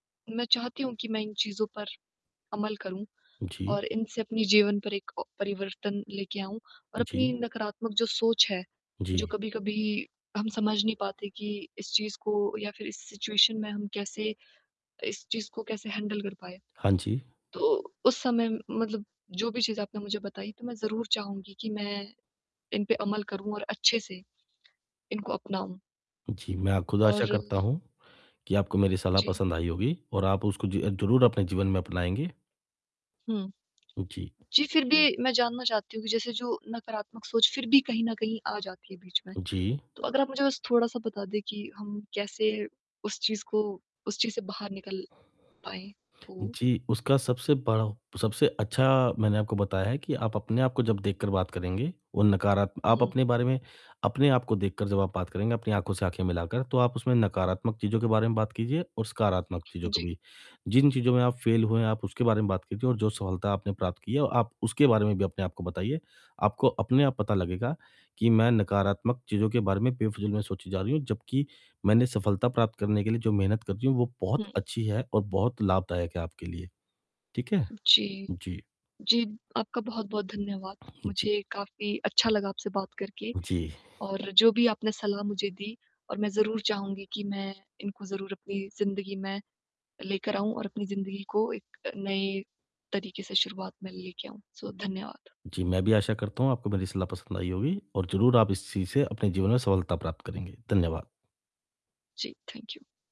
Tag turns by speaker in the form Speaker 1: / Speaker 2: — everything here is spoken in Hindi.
Speaker 1: मैं चाहती हूँ कि मैं इन चीज़ों पर अमल करूँ
Speaker 2: जी।
Speaker 1: और इनसे अपने जीवन पर एक अ, परिवर्तन लेके आऊँ और अपनी
Speaker 2: जी।
Speaker 1: नकारात्मक जो सोच है जो
Speaker 2: जी।
Speaker 1: कभी-कभी हम समझ नहीं पाते कि इस चीज़ को या फिर इस सिचुएशन में हम कैसे इस चीज़ को कैसे हैंडल कर पाए?
Speaker 2: हाँ जी।
Speaker 1: तो उस समय मतलब जो भी चीज़ आपने मुझे बताई तो मैं ज़रूर चाहूँगी कि मैं इन पे अमल करूँ और अच्छे से इनको अपनाऊँ।
Speaker 2: जी मैं अ, खुद आशा
Speaker 1: और
Speaker 2: करता हूँ कि आपको मेरी सलाह
Speaker 1: जी।
Speaker 2: पसंद आई होगी और आप उसको ज ज़रूर अपने जीवन में अपनाएँगे।
Speaker 1: हुँ।
Speaker 2: जी।
Speaker 1: जी, फिर भी मैं जानना चाहती हूँ कि जैसे जो नकारात्मक सोच फिर भी कहीं न कहीं आ जाती है बीच में
Speaker 2: जी।
Speaker 1: तो अगर आप मुझे बस थोड़ा-सा बता दें कि हम कैसे उस चीज़ को उस चीज़ से बाहर निकल पाएँ? तो
Speaker 2: जी, उसका सबसे बड़ा हो सबसे अच्छा मैंने आपको बताया है कि आप अपने आप को जब देखकर बात करेंगे, वो नकारा आप
Speaker 1: हुँ।
Speaker 2: अपने बारे में अपने आपको देखकर जब आप बात करेंगे, अपनी आँखों से आँखें मिलाकर, तो आप उसमें नकारात्मक चीज़ों के बारे में बात कीजिए और सकारात्मक चीज़ों के
Speaker 1: जी।
Speaker 2: भी जिन चीज़ों में आप फेल हुए हैं, आप उसके बारे में बात कीजिए और जो सफलता आपने प्राप्त की है, आप उसके बारे में भी अपने आप को बताइए। आपको अपने आप पता लगेगा कि मैं नकारात्मक चीज़ों के बारे में बेफिजूल में सोची जा रही हूँ। जबकि मैंने सफलता प्राप्त करने के लिए जो मेहनत कर रही हूँ, वो बहुत
Speaker 1: हुँ।
Speaker 2: अच्छी है और बहुत लाभदायक है आपके लिए। ठीक है?
Speaker 1: जी।
Speaker 2: जी।
Speaker 1: जी, आपका बहुत-बहुत धन्यवाद
Speaker 2: जी।
Speaker 1: मुझे काफ़ी अच्छा लगा आपसे बात करके।
Speaker 2: जी।
Speaker 1: और जो भी आपने सलाह मुझे दी और मैं ज़रूर चाहूँगी कि मैं इनको ज़रूर अपनी ज़िंदगी में लेकर आऊँ और अपनी ज़िंदगी को एक नए तरीके से शुरुआत में लेके आऊँ। सो धन्यवाद।
Speaker 2: जी, मैं भी आशा करता हूँ आपको मेरी सलाह पसंद आई होगी और ज़रूर आप इस चीज़ से अपने जीवन में सफलता प्राप्त करेंगे। धन्यवाद।
Speaker 1: जी, थैंक यू।